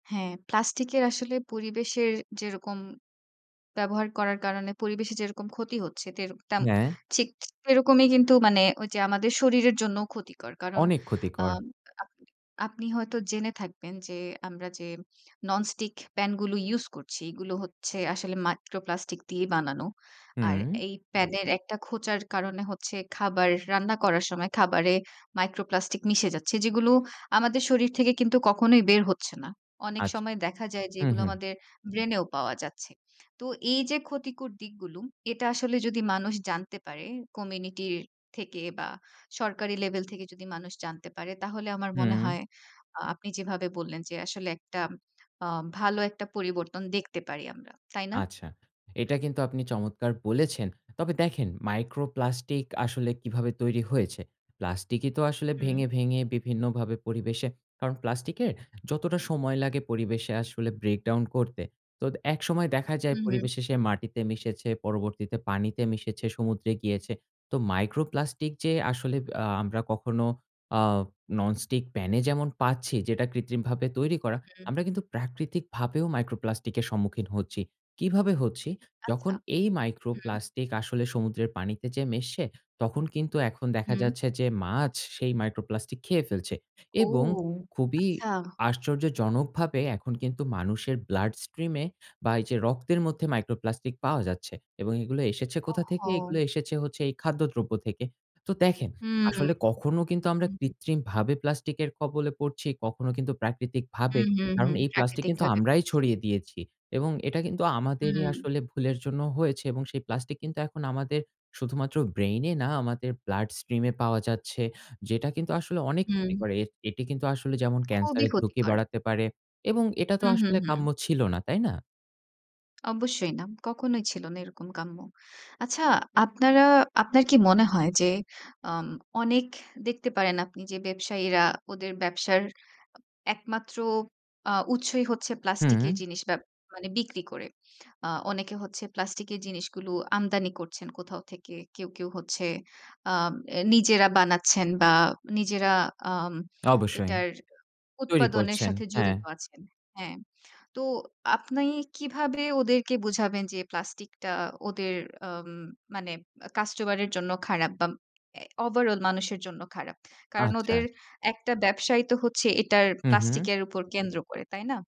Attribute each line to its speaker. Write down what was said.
Speaker 1: হ্যাঁ, প্লাস্টিকের আসলে পরিবেশের যেরকম ব্যবহার করার কারণে পরিবেশে যেরকম ক্ষতি হচ্ছে, তেরক তেম
Speaker 2: হ্যাঁ।
Speaker 1: ঠিক সেরকমই কিন্তু মানে ঐযে আমাদের শরীরের জন্যও ক্ষতিকর। কারণ
Speaker 2: অনেক
Speaker 1: আ
Speaker 2: ক্ষতিকর।
Speaker 1: আপনি আপনি হয়তো জেনে থাকবেন যে আমরা যে ননস্টিক প্যানগুলো ইউজ করছি, এগুলো হচ্ছে আসলে micro plastic দিয়েই বানানো। আর
Speaker 2: হুম।
Speaker 1: এই প্যানের একটা খোঁচার কারণে হচ্ছে খাবার রান্না করার সময় খাবারে micro plastic মিশে যাচ্ছে। যেগুলো আমাদের শরীর থেকে কিন্তু কখনোই বের হচ্ছে না। অনেক
Speaker 2: আচ্ছা।
Speaker 1: সময় দেখা যায় যে
Speaker 2: হু,
Speaker 1: এগুলো
Speaker 2: হু।
Speaker 1: আমাদের ব্রেনেও পাওয়া যাচ্ছে। তো এইযে ক্ষতিকর দিকগুলো, এটা আসলে যদি মানুষ জানতে পারে কমিউনিটির থেকে বা, সরকারি লেভেল থেকে যদি মানুষ জানতে পারে তাহলে আমার মনে
Speaker 2: হুম।
Speaker 1: হয় আ আপনি যেভাবে বললেন যে আসলে একটা আ ভালো একটা পরিবর্তন দেখতে পারি আমরা। তাই না?
Speaker 2: আচ্ছা। এটা কিন্তু আপনি চমৎকার বলেছেন। তবে দেখেন micro plastic আসলে কিভাবে তৈরি হয়েছে। প্লাস্টিকই তো আসলে
Speaker 1: হুম।
Speaker 2: ভেঙে, ভেঙে বিভিন্নভাবে পরিবেশে কারণ, প্লাস্টিকের যতটা সময় লাগে পরিবেশে আসলে breakdown করতে। তোদ একসময় দেখা যায়
Speaker 1: হু, হু।
Speaker 2: পরিবেশে সে মাটিতে মিশেছে, পরবর্তীতে পানিতে মিশেছে, সমুদ্রে গিয়েছে। তো micro plastic যে আসলে বা আমরা কখনো আ ননস্টিক প্যানে যেমন পাচ্ছি, যেটা কৃত্রিমভাবে তৈরি করা।
Speaker 1: হুম।
Speaker 2: আমরা কিন্তু প্রাকৃতিকভাবেও micro plastic এর সম্মুখীন হচ্ছি। কিভাবে হচ্ছি? যখন
Speaker 1: আচ্ছা।
Speaker 2: এই micro
Speaker 1: হুম।
Speaker 2: plastic আসলে সমুদ্রের পানিতে যেয়ে মিশে, তখন কিন্তু এখন দেখা
Speaker 1: হুম।
Speaker 2: যাচ্ছে যে মাছ সেই micro plastic খেয়ে ফেলছে
Speaker 1: ও,
Speaker 2: এবং খুবই
Speaker 1: আচ্ছা।
Speaker 2: আশ্চর্যজনকভাবে এখন কিন্তু মানুষের blood stream এ বা, এইযে রক্তের মধ্যে micro plastic পাওয়া যাচ্ছে এবং এগুলো এসেছে কোথা থেকে?
Speaker 1: ওহহো!
Speaker 2: এগুলো এসেছে এই খাদ্যদ্রব্য থেকে। তো দেখেন,
Speaker 1: হুম।
Speaker 2: আসলে কখনো কিন্তু আমরা
Speaker 1: হুম, হু।
Speaker 2: কৃত্রিমভাবে প্লাস্টিকের কবলে পড়ছি, কখনো কিন্তু প্রাকৃতিকভাবে।
Speaker 1: হুম, হুম,
Speaker 2: কারণ
Speaker 1: হুম।
Speaker 2: এই প্লাস্টিক কিন্তু
Speaker 1: প্রাকৃতিকভাবে
Speaker 2: আমরাই
Speaker 1: পড়ছি।
Speaker 2: ছড়িয়ে দিয়েছি এবং এটা কিন্তু আমাদেরই
Speaker 1: হুম।
Speaker 2: আসলে ভুলের জন্য হয়েছে এবং সেই প্লাস্টিক কিন্তু এখন আমাদের শুধুমাত্র ব্রেইন না, আমাদের blood stream এ পাওয়া যাচ্ছে। যেটা কিন্তু আসলে অনেক ক্ষতি
Speaker 1: হুম।
Speaker 2: করে। এট এটি কিন্তু আসলে যেমন
Speaker 1: খুবই
Speaker 2: ক্যান্সারের ঝুঁকি
Speaker 1: ক্ষতিকর।
Speaker 2: বাড়াতে পারে এবং এটা তো
Speaker 1: হু, হু,
Speaker 2: আসলে
Speaker 1: হু।
Speaker 2: কাম্য ছিল না, তাই না?
Speaker 1: অবশ্যই না। কখনোই ছিল না এরকম কাম্য। আচ্ছা, আপনারা আপনার কি মনে হয়? যে আম অনেক দেখতে পারেন আপনি যে ব্যবসায়ীরা, ওদের ব্যবসার আ একমাত্র আ উৎসই হচ্ছে প্লাস্টিকের
Speaker 2: হুম।
Speaker 1: জিনিস ব্যব মানে বিক্রি করে। আ অনেকে হচ্ছে প্লাস্টিকের জিনিসগুলো আমদানি করছেন কোথাও থেকে। কেউ, কেউ হচ্ছে আ এ নিজেরা বানাচ্ছেন বা, নিজেরা আম
Speaker 2: অবশ্যই।
Speaker 1: এটার
Speaker 2: তৈরি
Speaker 1: উৎপাদনের
Speaker 2: করছেন।
Speaker 1: সাথে
Speaker 2: হ্যাঁ।
Speaker 1: জড়িত আছেন। হ্যাঁ। তো আপনি কিভাবে ওদেরকে বুঝাবেন যে প্লাস্টিকটা ওদের আম মানে আ কাস্টমারের জন্য খারাপ বা, এ ওভারঅল মানুষের জন্য খারাপ? কারণ
Speaker 2: আচ্ছা।
Speaker 1: ওদের একটা ব্যবসায় তো হচ্ছে এটার
Speaker 2: হু, হু।
Speaker 1: প্লাস্টিকের উপর কেন্দ্র করে। তাই না?